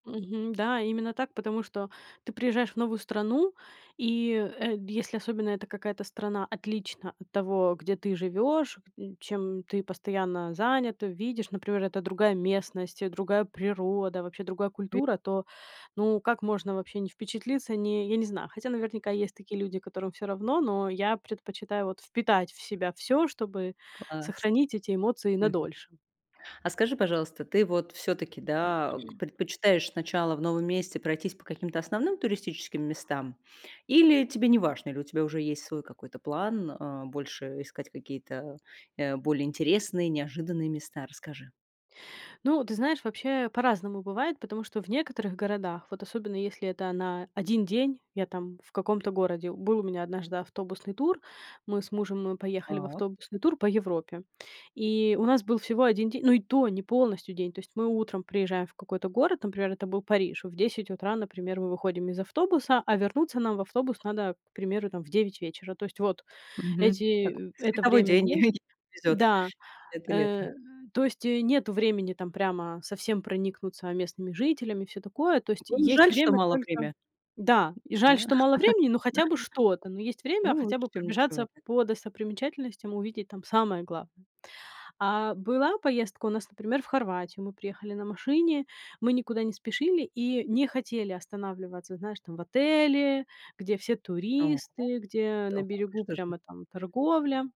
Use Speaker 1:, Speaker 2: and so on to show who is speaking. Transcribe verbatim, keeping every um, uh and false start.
Speaker 1: Мгм. Да, именно так, потому что ты приезжаешь в новую страну. И, э, если особенно это какая-то страна отлична от того, где ты живешь, чем ты постоянно занята. Видишь, например, это другая местность, э, другая природа, вообще другая
Speaker 2: Ви
Speaker 1: культура, то, ну, как можно вообще не впечатлиться, не я не знаю. Хотя, наверняка, есть такие люди, которым всё равно, но я предпочитаю вот впитать в себя всё, чтобы
Speaker 2: Класс.
Speaker 1: сохранить эти эмоции на
Speaker 2: Мгм.
Speaker 1: дольше.
Speaker 2: А скажи, пожалуйста, ты вот всё-таки, да, ог предпочитаешь сначала в новом месте пройтись по каким-то основным туристическим местам? Или тебе неважно, или у тебя уже есть свой какой-то план, а, больше искать какие-то, э, более интересные, неожиданные места? Расскажи.
Speaker 1: Ну, ты знаешь, вообще по-разному бывает. Потому что в некоторых городах, вот особенно, если это на один день я там в каком-то городе. Был у меня однажды автобусный тур. Мы с мужем
Speaker 2: А.
Speaker 1: поехали в
Speaker 2: О.
Speaker 1: автобусный тур по Европе. И у нас был всего один день ну и то, не полностью день. То есть мы утром приезжаем в какой-то город, например, это был Париж. В десять утра, например, мы выходим из автобуса, а вернуться нам в автобус надо, к примеру, там, в девять вечера. То есть вот,
Speaker 2: Мгм. Так.
Speaker 1: эти э это
Speaker 2: Световой
Speaker 1: время
Speaker 2: день,
Speaker 1: есть
Speaker 2: если повезет.
Speaker 1: да.
Speaker 2: Это
Speaker 1: Э.
Speaker 2: лето.
Speaker 1: То есть нету времени там прямо совсем проникнуться местными жителями и всё такое. То есть
Speaker 2: Вам
Speaker 1: есть
Speaker 2: жаль, что
Speaker 1: время
Speaker 2: мало
Speaker 1: только
Speaker 2: время?
Speaker 1: Да. И жаль,
Speaker 2: Да.
Speaker 1: что мало времени, но хотя бы что-то. Но есть время
Speaker 2: Ну,
Speaker 1: хотя
Speaker 2: лучше
Speaker 1: бы
Speaker 2: чем ничего.
Speaker 1: пробежаться по достопримечательностям, увидеть там самое главное. А была поездка у нас, например, в Хорватию. Мы приехали на машине. Мы никуда не спешили и не хотели останавливаться, знаешь, там, в отеле, где все
Speaker 2: Ого.
Speaker 1: туристы, где на
Speaker 2: Так, и
Speaker 1: берегу
Speaker 2: что же?
Speaker 1: прямо там торговля.